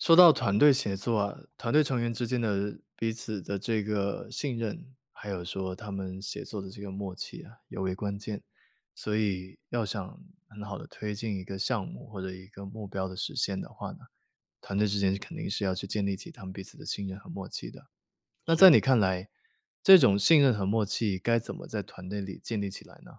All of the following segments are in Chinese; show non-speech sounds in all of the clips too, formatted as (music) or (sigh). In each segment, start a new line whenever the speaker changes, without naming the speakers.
说到团队协作啊，团队成员之间的彼此的这个信任，还有说他们协作的这个默契啊尤为关键。所以要想很好地推进一个项目，或者一个目标的实现的话呢，团队之间是肯定是要去建立起他们彼此的信任和默契的。那
是。
在你看来，这种信任和默契该怎么在团队里建立起来呢？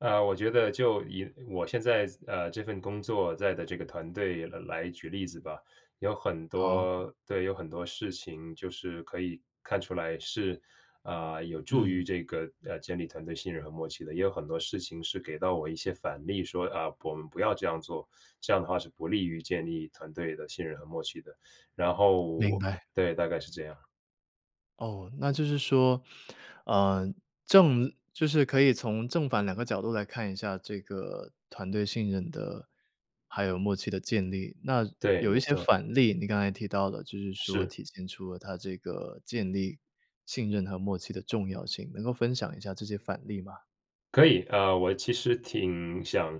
呃，我觉得就以我现在思呃，这份工作在的这个团队来来举例子吧。有很
好。
多对，有很多事情就是可以看出来是，呃，有助于
嗯。
这个，呃，建立团队信任和默契的。也有很多事情是给到我一些反例说，啊，不我们不要这样做，这样的话是不利于建立团队的信任和默契的。然
明
后
白。
对，大概是这样。
哦，那就是说，呃，正就是可以从正反2个角度来看一下这个团队信任的，还有默契的建立。那
对，
有
没
一些
错。
反例，你刚才提到了，就是说
是。
体现出了它这个建立信任和默契的重要性，能够分享一下这些反例吗？
可以，啊，我其实挺想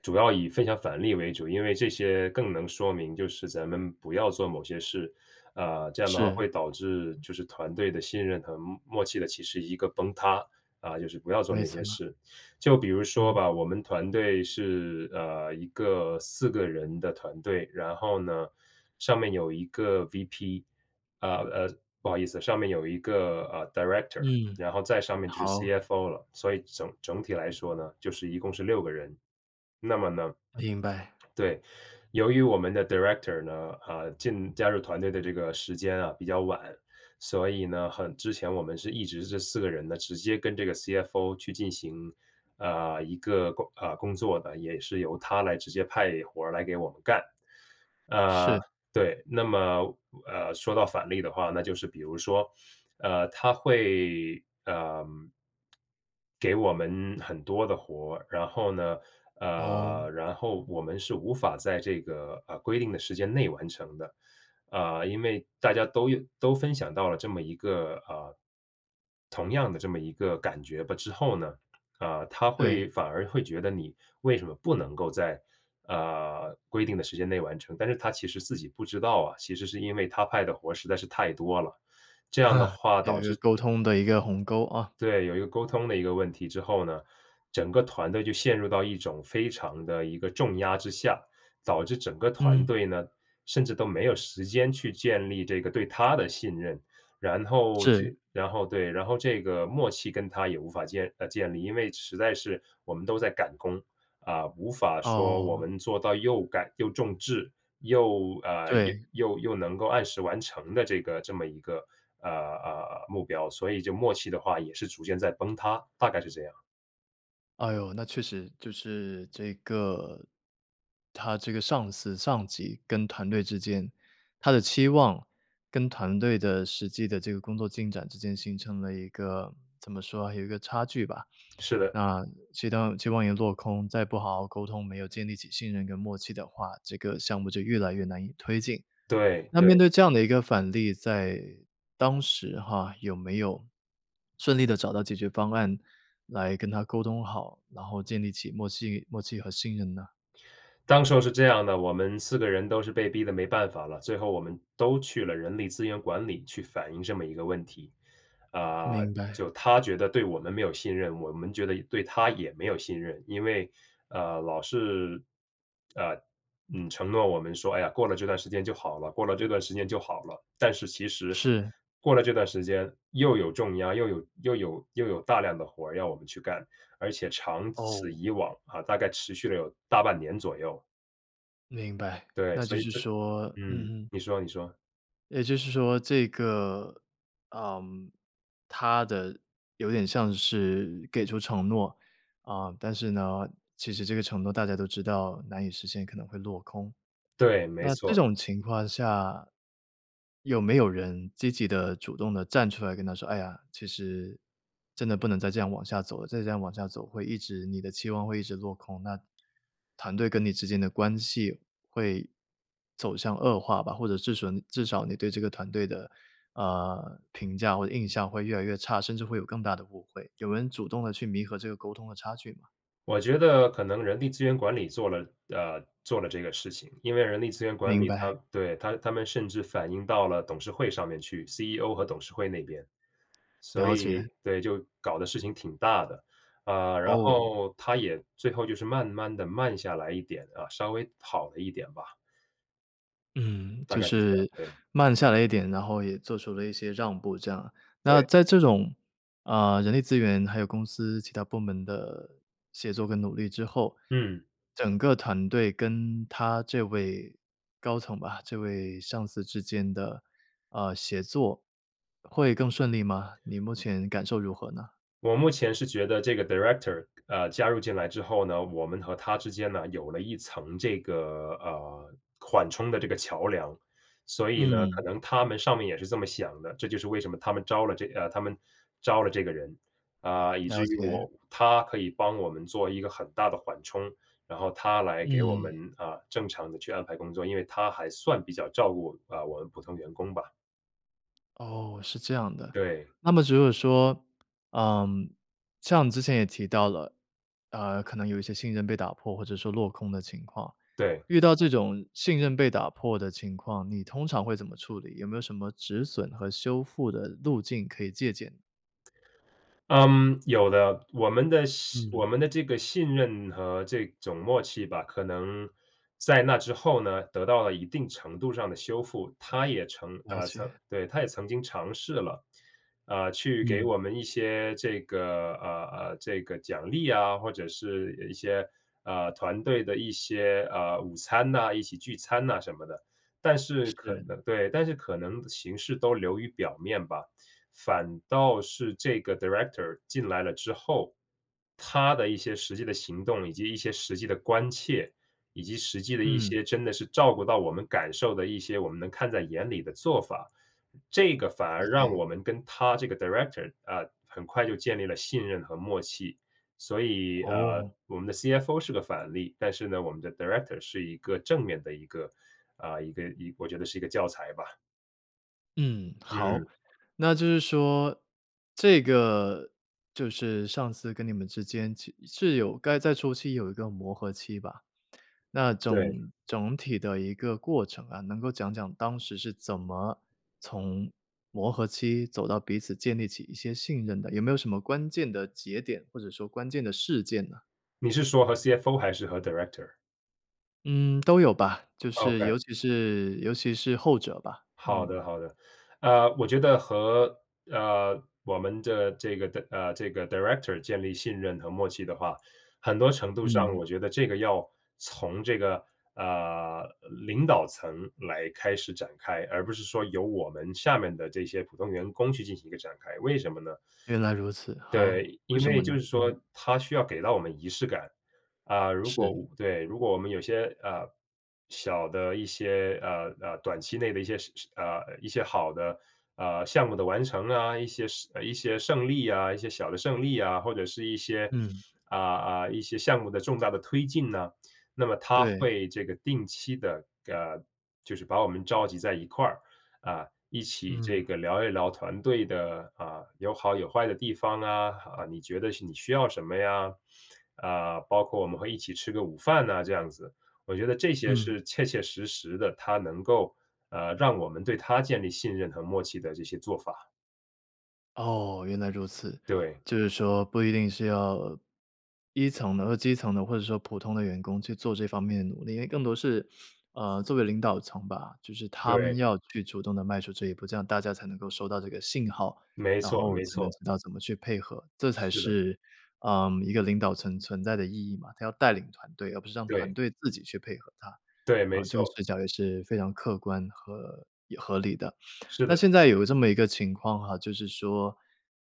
主要以分享反例为主，因为这些更能说明就是咱们不要做某些事，啊，这样的话
是。
会导致就是团队的信任和默默契的其实一个崩塌，啊，就是不要做
没
那些
错。
事。就比如说
嗯。
吧，我们团队是，呃，一个4个人的团队，然后呢，上面有一个 VP。呃，呃，不好意思，上面有一个，呃，director，
嗯，
然后再上面就是
好。
CFO 了。所以整整体来说呢，就是一共是6个人。那么呢
明白。
对，由于我们的 director 呢，啊，进加入团队的这个时间啊比较晚，所以呢，很之前我们是一直是这4个人呢，直接跟这个 CFO 去进行，呃，一个工啊，工作的，也是由他来直接派活儿来给我们干。呃，
是。
对，那么，呃，说到反例的话，那就是比如说，呃，他会，嗯，给我们很多的活儿，然后呢，呃，
哦。
然后我们是无法在这个，呃，规定的时间内完成的。啊，因为大家都有都分享到了这么一个啊，同样的这么一个感觉吧。之后呢，啊，他
对。
会反而会觉得你为什么不能够在，呃，规定的时间内完成。但是他其实自己不知道啊，其实是因为他派的活儿，实在是太多了。这样的
(chuckles)
话
有
导
一个
致
沟通的一个鸿沟，啊。
对，有一个沟通的一个问题之后呢，整个团队就陷入到一种非常的一个重压之下。导致整个团
嗯。
队呢，甚至都没有时间去建立这个对他的信任，然后这
是。
然后对，然后这个默契跟他也无法建啊，建立。因为实在是，我们都在赶工，啊，无法说我
哦。
们做到又赶又重质、又，呃，又
对。
又又能够按时完成的这个这么一个，呃，呃，呃，目标。所以就默契的话也是逐渐在崩塌，大概是这样。
哎呦，那确实就是这个，他这个上司上级跟团队之间，他的期望跟团队的实际的这个工作进展之间形成了一个，怎么说啊，有一个差距吧。
是的。
那期洞期望也落空，再不好好沟通没有建立起信任跟默契的话，这个项目就越来越难以推进。
对，
那
对。
面对这样的一个反例，在当时哈，有没有顺利地找到解决方案，来跟他沟通好，然后建立起默契默契和信任呢？
当时候是这样的。我们4个人都是被逼得没办法了。最后我们都去了人力资源管理去反映这么一个问题。啊，
明白。
就他觉得对我们没有信任，我们觉得也对他也没有信任，因为，呃，老是，呃，嗯，承诺我们说：“哎呀，过了这段时间就好了，过了这段时间就好了。”但是其实
是。
过了这段时间又有重压，又有又有又有大量的活儿要我们去干，而且长此
哦。
以往啊，大概持续了有大半年左右。
明白，
对，
那就
所以
是
这
说
嗯，
嗯嗯。
你说你说。
也就是说这个，嗯。他的有点像是给出承诺，啊，但是呢，其实这个承诺大家都知道难以实现，可能会落空。
对，没
那这
错。
种情况下，有没有人积极地、主动地站出来跟他说：“哎呀，其实真的不能再这样往下走了，再这样往下走会一直，你的期望会一直落空，那团队跟你之间的关系会走向恶化吧，或者至吮至少你对这个团队的，呃，评价或者印象会越来越差，甚至会有更大的误会。”有人主动地去弥合这个沟通的差距吗？
我觉得可能人力资源管理做了呃，做了这个事情，因为人力资源管
明
理
白。
他对，他他们甚至反映到了董事会上面去，CEO 和董事会那边。所
了
以，
解。
对，就搞得事情挺大的，啊，然
哦。
后他也最后就是慢慢地慢下来一点啊，稍微好了一点吧。
嗯，
大
就
概是这样，
是
对。
慢下来一点，然后也做出了一些让步这样。那
对。
在这种，呃，人力资源还有公司其他部门的协作跟努力之后，
嗯。
整个团队跟他这位高层吧，这位上司之间的，呃，协作会更顺利吗？你目前感受如何呢？
我目前是觉得这个 director，呃，加入进来之后呢，我们和他之间呢有了一层这个，呃，缓冲的这个桥梁。所以呢，可
嗯。
能他们上面也是这么想的，这就是为什么他们招了这呃，他们招了这个人。啊，以
了
至于
解。
我他可以帮我们做一个很大的缓冲，然后他来给我
嗯。
们，啊，正常地去安排工作。因为他还算比较照顾，啊，我们普通员工吧。
哦，是这样的，
对。
那么如果说，呃，像你之前也提到了，呃，可能有一些信任被打破或者说落空的情况，
对。
遇到这种信任被打破的情况，你通常会怎么处理？有没有什么止损和修复的路径可以借鉴？
嗯，有的。我们的信我
嗯。
们的这个信任和这种默契吧，可能在那之后呢得到了一定程度上的修复。他也成
了
呃，曾
解。
对，他也曾经尝试了，呃，去给
嗯。
我们一些这个，呃，这个奖励啊，或者是一些，呃，团队的一些，呃，午餐呐，一起聚餐呐什么的。但是可
是。
能对，但是可能形式都流于表面吧。反倒是这个 director 进来了之后，他的一些实际的行动，以及一些实际的关切，以及实际的一
嗯。
些真的是照顾到我们感受的一些，我们能看在眼里的做法。这个反
了
而让
解。
我们跟他这个 director 啊，很快就建立了信任和默契。所以，呃，
哦。
我们的 CFO 是个反例，但是呢，我们的 director 是一个正面的一个啊，一个一我觉得是一个教材吧。
嗯，好。
嗯。
那就是说，这个就是上次跟你们之间其是有该在初期有一个磨合期吧。那
对。
总总体的一个过程啊，能够讲讲当时是怎么从磨合期走到彼此建立起一些信任的，有没有什么关键的节点，或者说关键的事件呢？
你是说和 CFO 还是和 director？
嗯，都有吧，就是
OK。
尤其是尤其是后者吧，
好
嗯。
的好的。呃，我觉得和，呃，我们的这个 de 呃这个 director 建立信任和默契的话，很多程度上
嗯。
我觉得这个要从这个，呃，领导层来开始展开，而不是说由我们下面的这些普通员工去进行一个展开。为什么呢？
原来如此，好，
对，
为
因
什
为
么呢？
就是说
嗯。
他需要给到我们仪式感。啊，如果
是。
对，如果我们有些，呃，小的一些，呃呃，短期内的一些是是，呃，一些好的，呃，项目的完成啊，一些胜呃一些胜利啊，一些小的胜利啊，或者是一些，
嗯。
啊啊一些项目的重大的推进呢。那么他
对。
会这个定期地，呃，就是把我们召集在一块儿，啊，一起
嗯。
这个聊一聊团队的，啊，有好有坏的地方啊，呃，你觉得是你需要什么呀？呃，包括我们会一起吃个午饭啊这样子。我觉得这些
嗯。
是切切实实地它能够，呃，让我们对他建立信任和默契的这些做法。
哦，原来如此。
对。
就是说，不一定是要一层的或基层的，或者说普通的员工去做这方面的努力，因为更多是，呃，作为领导层吧，就是他们
对。
要去主动地迈出这一步，这样大家才能够收到这个信号，
没
然
错
后
没
才能
错。
知道怎么去配合。这才
是的。
是，呃，一个领导层存在的意义嘛，它要带领团队，而不是让团
对。
队自己去配合它。
对，没
啊，这个
错。
视角也是非常客观和也合理的。
是
那
的，
现
是
在有这么一个情况哈，就是说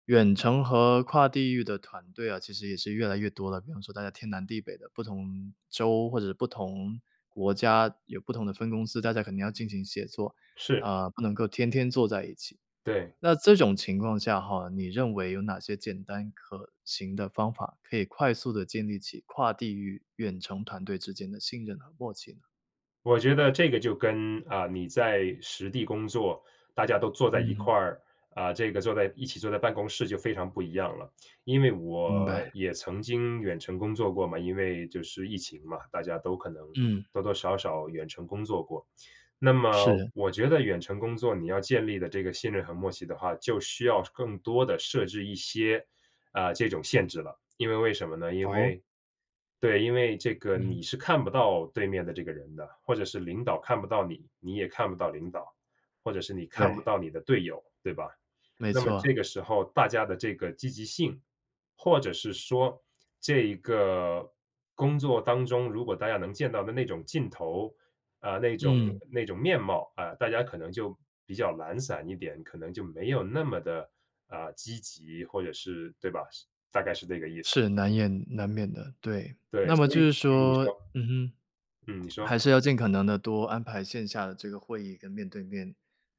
远程和跨地域的团队啊，其实也是越来越多了。比方说大家天南地北的，不同州或者是不同国家，有不同的分公司，大家肯定要进行协作，
是。
啊，不能够天天坐在一起。
对。
那这种情况下哈，你认为有哪些简单可行的方法，可以快速地建立起跨地域远程团队之间的信任和默契呢？
我觉得这个就跟，啊，你在实地工作，大家都坐在一
嗯。
块儿，啊，这个坐在一起坐在办公室就非常不一样了。因为
明
我
白。
也曾经远程工作过嘛，因为就是疫情嘛，大家都可能
嗯。
多多少少远程工作过。那么
是。
我觉得远程工作，你要建立的这个信任和默契的话，就需要更多地设置一些，呃，这种限制了。因为为什么呢？因
哦？
为对，因为这个
嗯。
你是看不到对面的这个人的。或者是领导看不到你，你也看不到领导，或者是你看不
对。
到你的队友，对吧？
没
那么这
错。
个时候大家的这个积极性，或者是说这一个工作当中，如果大家能见到的那种劲头，啊，那种
嗯。
那种面貌，啊，大家可能就比较懒散一点，可能就没有那么地，啊，积极或者是对吧？是大概是这个意思。
是，难言难免的，对。
对，
那么
所
就
以
是
嗯，你
说
说，
嗯哼，
嗯，你说。
还是要尽可能地多安排线下的这个会议，跟面对面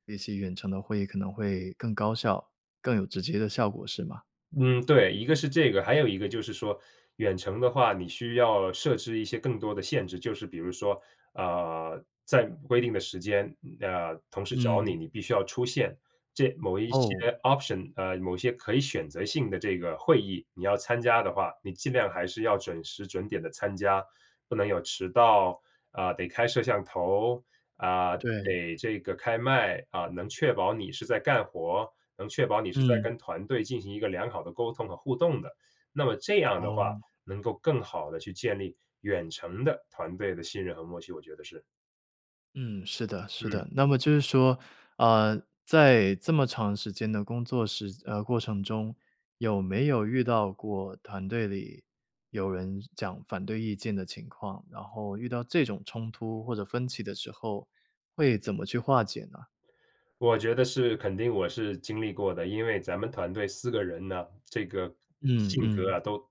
一些远程的会议，可能会更高效、更有直接的效果，是吗？
嗯，对，一个是这个，还有一个就是说远程的话，你需要设置一些更多的限制，就是比如说，呃，在规定的时间，呃，同事找
嗯。
你，你必须要出现。这某一些
哦。
option，呃，某些可以选择性的这个会议你要参加的话，你尽量还是要准时准点地参加。不能有迟到，啊，得开摄像头，啊，
对。
得这个开麦，啊，能确保你是在干活，能确保你是在
嗯。
跟团队进行一个良好的沟通和互动的。那么这样的话，
哦。
能够更好地去建立远程的团队的信任和默契，我觉得是。
嗯，是的是的。
嗯。
那么就是说，呃，在这么长时间的工作时呃，过程中，有没有遇到过团队里有人讲反对意见的情况，然后遇到这种冲突或者分歧的时候，会怎么去化解呢？
我觉得是肯定我是经历过的，因为咱们团队4个人呢，这个
嗯
性格
嗯。
啊都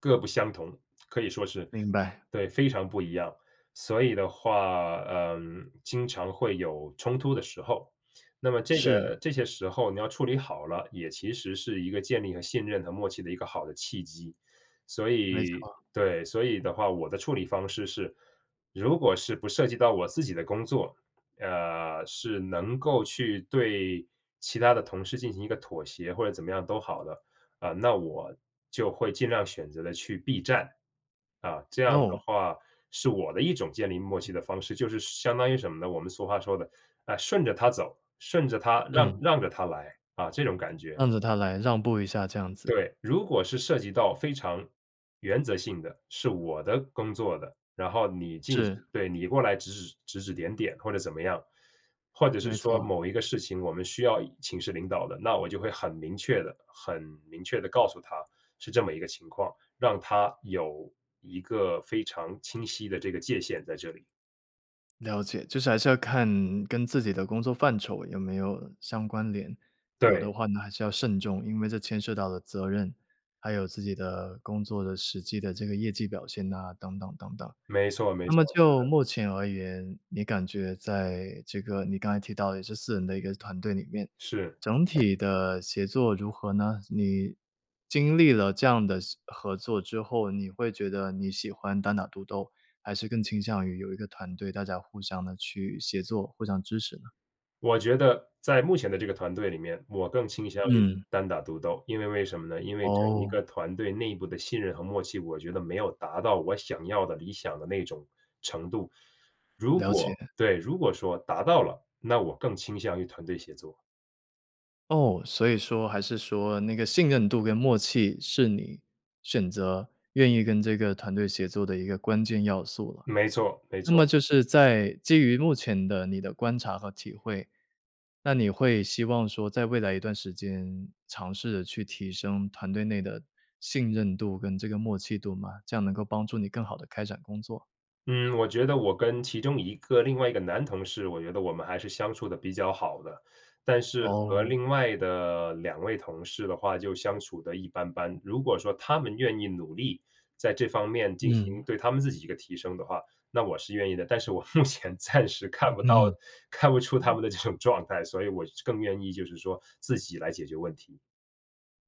各不相同，(smacks lips) 可以说是，
明白。
对，非常不一样，所以的话，呃，经常会有冲突的时候。那么这
是。
个这些时候你要处理好了，也其实是一个建立和信任和默契的一个好的契机。所
没
以
错。
对，所以的话，我的处理方式是，如果是不涉及到我自己的工作，呃，是能够去对其他的同事进行一个妥协或者怎么样都好的，呃，那我就会尽量选择地去避战。啊，这样的
哦。
话，是我的一种建立默契的方式，就是相当于什么呢？我们俗话说的，呃，顺着他走，顺着他，让
嗯。
让着他来，啊，这种感觉。
让着他来，让步一下这样子。
对，如果是涉及到非常原则性的，是我的工作的，然后你进
是。
行对，你过来指指指指点点或者怎么样，或者是
没
说
错。
某一个事情我们需要请示领导的，那我就会很明确地很明确地告诉他是这么一个情况，让他有一个非常清晰的这个界限在这里。
了解。就是还是要看，跟自己的工作范畴有没有相关联，有
对。
的话呢，还是要慎重。因为这牵涉到了责任，还有自己的工作的实际的这个业绩表现呐，等等等等。
没错，没
那
错，
么
是
就
的。
目前而言，你感觉在这个你刚才提到的这4人的一个团队里面，
是。
整体的协作如何呢？你经历了这样的司合作之后，你会觉得你喜欢单打独斗，还是更倾向于有一个团队，大家互相地去协作、互相支持呢？
我觉得，在目前的这个团队里面，我更倾向于
嗯。
单打独斗。因为为什么呢？因为整一个
哦。
团队内部的信任和默契，我觉得没有达到我想要的、理想的那种程度。如
了解。
果对，如果说达到了，那我更倾向于团队协作。
哦，所以说还是说，那个信任度跟默契，是你选择愿意跟这个团队协作的一个关键要素了。
没错，没
那
错。
么就是在基于目前的你的观察和体会，那你会希望说，在未来一段时间，尝试着去提升团队内的信任度跟这个默契度吗？这样能够帮助你，更好地开展工作。
嗯，我觉得我跟其中一个另外一个男同事，我觉得我们还是相处得比较好的，但是和
哦。
另外的2位同事的话就相处得一般般。如果说他们愿意努力，在这方面进
嗯。
行对他们自己一个提升的话，那我是愿意的。但是我目前暂时看
嗯
不到
哼。
看不出他
嗯。
们的这种状态，所以我是更愿意，就是说自己来解决问题。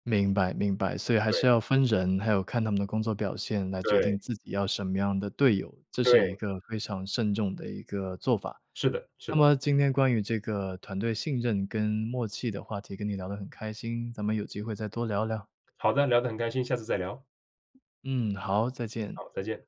明白明白，所以还是
对。
要分人，还有看他们的工作表现，来决
对。
定自己要什么样的队友，这是一
对。
个非常慎重的一个做法。
是的，是
那
的。
么今天关于这个团队信任跟默契的话题，跟你聊得很开心，咱们有机会再多聊聊。
好的，聊得很开心，下次再聊。
嗯，好，再见。
好，再见。